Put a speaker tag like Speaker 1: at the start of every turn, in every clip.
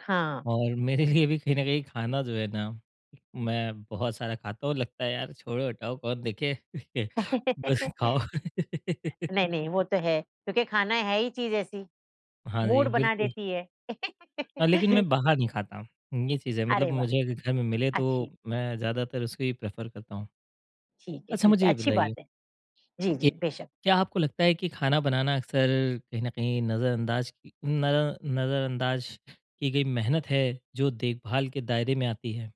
Speaker 1: हाँ।
Speaker 2: और मेरे लिए भी कहीं न कहीं खाना जो है ना, मैं बहुत सारा खाता हूँ, लगता है यार, छोड़ो, हटाओ कौन देखे? [unintelligible] बस खाओ।
Speaker 1: नहीं, नहीं वो तो है। क्योंकि खाना है ही चीज़ ऐसी,
Speaker 2: हाँ जी,
Speaker 1: मूड बना
Speaker 2: बिल्कुल।
Speaker 1: देती है।
Speaker 2: अ, लेकिन मैं बाहर नहीं खाता, हुँ, ये चीज़ है
Speaker 1: अरे
Speaker 2: मतलब
Speaker 1: वाह!
Speaker 2: मुझे अगर घर में मिले,
Speaker 1: अच्छी
Speaker 2: तो मैं ज़्यादातर उसको ही प्रेफ़र करता हूँ।
Speaker 1: ठीक है,
Speaker 2: अच्छा
Speaker 1: ठीक
Speaker 2: मुझे
Speaker 1: है,
Speaker 2: ये
Speaker 1: अच्छी
Speaker 2: बताइए
Speaker 1: बात है। जी, जी,
Speaker 2: कि
Speaker 1: बेशक।
Speaker 2: क्या आपको लगता है कि खाना बनाना अक्सर कहीं न कहीं नज़रअंदाज़ की न अ, नज़रअंदाज़ की गई मेहनत है, जो देखभाल के दायरे में आती है?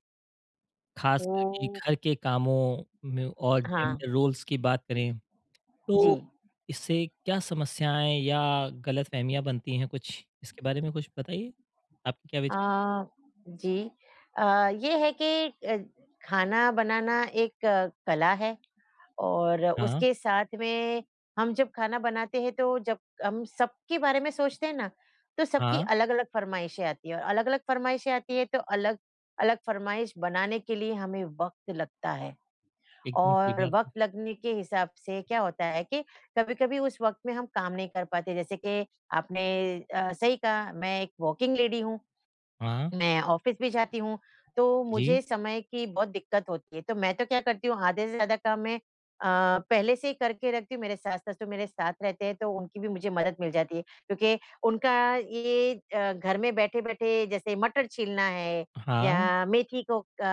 Speaker 2: खास करके
Speaker 1: ओह!
Speaker 2: घर के कामों में और
Speaker 1: हाँ।
Speaker 2: जेन्ड़र रोल्स की बात करें, तो
Speaker 1: जी।
Speaker 2: इससे क्या समस्याएँ या गलतफ़हमियाँ बनती हैं कुछ इसके बारे में कुछ बताइए? आपके क्या विचार हैं?
Speaker 1: अ, जी अ, ये है कि अ, खाना बनाना एक अ, कला है और
Speaker 2: हाँ।
Speaker 1: उसके साथ में हम जब खाना बनाते है तो जब कम सबके बारे में सोचते हैं ना, तो सबकी
Speaker 2: हाँ।
Speaker 1: अलग-अलग फ़रमाइशें आती हैं, और अलग-अलग फ़रमाइशें आती है तो अलग-अलग फ़रमाइश बनाने के लिए हमें वक़्त लगता है।
Speaker 2: एकदम सही
Speaker 1: और
Speaker 2: बात है।
Speaker 1: वक़्त लगने के हिसाब से क्या होता है कि कभी-कभी उस वक़्त में हम काम नहीं कर पाते, जैसे कि आपने अ, सही कहा मैं एक वर्किंग लेडी हूँ,
Speaker 2: हाँ।
Speaker 1: मैं ऑफ़िस भी जाती हूँ, तो मुझे
Speaker 2: जी।
Speaker 1: समय की बहुत दिक़्क़त होती है, तो मैं तो क्या करती हूँ आधे से ज़्यादा काम मैं अ, पहले से ही करके रखती हूँ। मेरे सास-ससुर मेरे साथ रहते हैं, तो उनकी भी मुझे मदद मिल जाती है, क्योंकि उनका ये अ, घर में बैठे-बैठे जैसे मटर छीलना है
Speaker 2: हाँ।
Speaker 1: या मेथी को क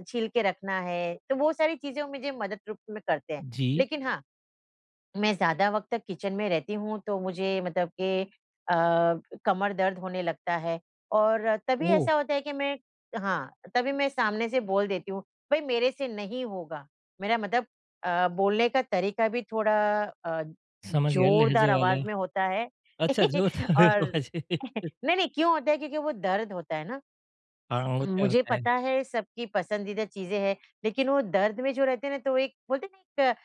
Speaker 1: अ, छील के रखना है, तो वो सारी चीज़ें वो मुझे मदद रूप में करते हैं।
Speaker 2: जी।
Speaker 1: लेकिन हाँ, मैं ज़्यादा वक़्त तक किचन में रहती हूँ तो मुझे मतलब के अ, कमर दर्द होने लगता है और तभी
Speaker 2: ओह!
Speaker 1: ऐसा होता है कि मैं हाँ, तभी मैं सामने से बोल देती हूँ, भई मेरे से नहीं होगा, मेरा मतलब अ, बोलने का तरीक़ा भी थोड़ा अ,
Speaker 2: समझ गया
Speaker 1: ज़ोरदार
Speaker 2: लहज़े
Speaker 1: आवाज़
Speaker 2: वाला।
Speaker 1: में होता है।
Speaker 2: अच्छा, जो था, फिर
Speaker 1: और
Speaker 2: वाह जी।
Speaker 1: नहीं, नहीं क्यों होता है, क्योंकि वो दर्द होता है ना।
Speaker 2: हाँ,
Speaker 1: उम,
Speaker 2: होता है
Speaker 1: मुझे
Speaker 2: होता
Speaker 1: पता
Speaker 2: है।
Speaker 1: है सबकी पसंदीदा चीज़ें है, लेकिन वो दर्द में जो रहते हैं ना तो एक बोलते हैं ना एक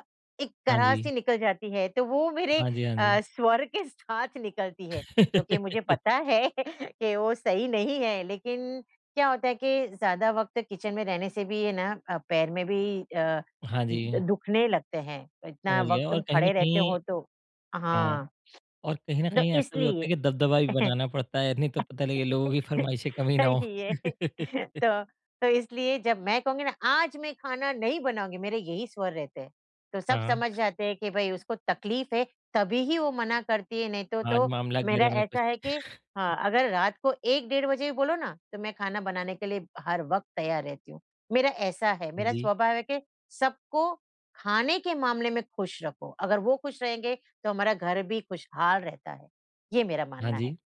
Speaker 1: अ, एक
Speaker 2: हाँ जी।
Speaker 1: कराह-सी निकल जाती है, तो वो मेरे
Speaker 2: हाँ जी, हाँ जी।
Speaker 1: अ, स्वर के साथ निकलती है, जो कि मुझे पता है कि वो सही नहीं है, लेकिन क्या होता है कि ज़्यादा वक़्त तक किचन में रहने से भी ये ना अ, पैर में भी अ,
Speaker 2: हाँ
Speaker 1: द
Speaker 2: जी।
Speaker 1: दुखने लगते हैं, इतना
Speaker 2: समझ गए
Speaker 1: वक़्त
Speaker 2: और
Speaker 1: तुम
Speaker 2: कहीं न
Speaker 1: खड़े रहते
Speaker 2: कहीं
Speaker 1: हो तो
Speaker 2: हाँ,
Speaker 1: हाँ।
Speaker 2: और कहीं न
Speaker 1: दो
Speaker 2: कहीं ऐसा भी होता है
Speaker 1: इसलिए।
Speaker 2: कि दबदबा भी बनाना पड़ता है, नहीं तो पता लगे लोगों की फ़रमाइशें कम ही ना हों।
Speaker 1: सही है, तो तो इसलिए जब मैं कहूँगी ना आज मैं खाना नहीं बनाऊँगी, मेरे यही स्वर रहते हैं, तो सब
Speaker 2: हाँ।
Speaker 1: समझ जाते हैं कि भई उसको तक़लीफ़ है तभी ही वो मना करती है, नहीं तो
Speaker 2: आज
Speaker 1: तो
Speaker 2: मामला
Speaker 1: मेरा
Speaker 2: गर्म है कुछ।
Speaker 1: ऐसा है कि हाँ, अगर रात को 1 डेढ़ बजे भी बोलो ना, तो मैं खाना बनाने के लिए हर वक़्त तैयार रहती हूँ। मेरा ऐसा है, मेरा
Speaker 2: जी।
Speaker 1: स्वभाव है कि सबको खाने के मामले में खुश रखो, अगर वो खुश रहेंगे, तो हमारा घर भी खुशहाल रहता है, ये मेरा
Speaker 2: हाँ
Speaker 1: मानना है।
Speaker 2: जी।